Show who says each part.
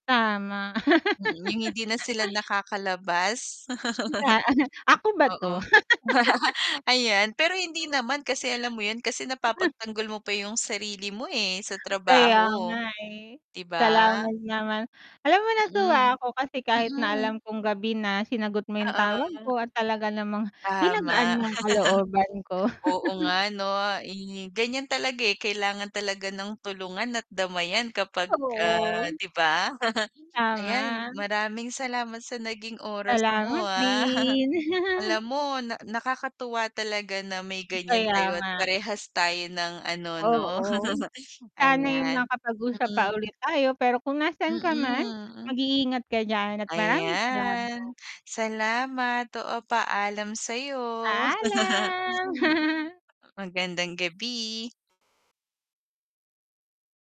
Speaker 1: Tama.
Speaker 2: Mm, 'yong hindi na sila nakakalabas.
Speaker 1: Ta ah, ako ba
Speaker 2: Oo.
Speaker 1: 'to?
Speaker 2: Ayan, pero hindi naman kasi, alam mo 'yan, kasi napapagtanggol mo pa 'yong sarili mo, eh, sa
Speaker 1: Kaya nga,
Speaker 2: trabaho.
Speaker 1: eh.
Speaker 2: 'Di ba?
Speaker 1: Salamat naman. Alam mo
Speaker 2: Mm.
Speaker 1: natuwa ako kasi kahit na
Speaker 2: Mm.
Speaker 1: alam kong gabi na sinagot mo 'yong tawag
Speaker 2: Oo.
Speaker 1: ko at talaga namang pinagaan
Speaker 2: Tama.
Speaker 1: mo ang kalooban ko.
Speaker 2: Oo nga, 'no, i ganiyan talaga, eh, kailangan talaga ng tulungan at damayan kapag, ah,
Speaker 1: Oo.
Speaker 2: 'di ba? Ayan,
Speaker 1: Tama.
Speaker 2: maraming salamat sa naging oras mo,
Speaker 1: Salamat
Speaker 2: ah.
Speaker 1: din.
Speaker 2: Alam mo na nakakatuwa talaga na may ganiyan
Speaker 1: Kaya
Speaker 2: tayo at
Speaker 1: nga.
Speaker 2: parehas tayo ng ano, 'no.
Speaker 1: Oo. Sana'y
Speaker 2: Ayan,
Speaker 1: makapag-usap pa
Speaker 2: mm.
Speaker 1: ulit tayo, pero kung nasaan ka man,
Speaker 2: Mm.
Speaker 1: mag-iingat ka diyan at maraming salamat.
Speaker 2: Ayan. Salamat, oo paalam sa 'yo.
Speaker 1: Paalam.
Speaker 2: Magandang gabi.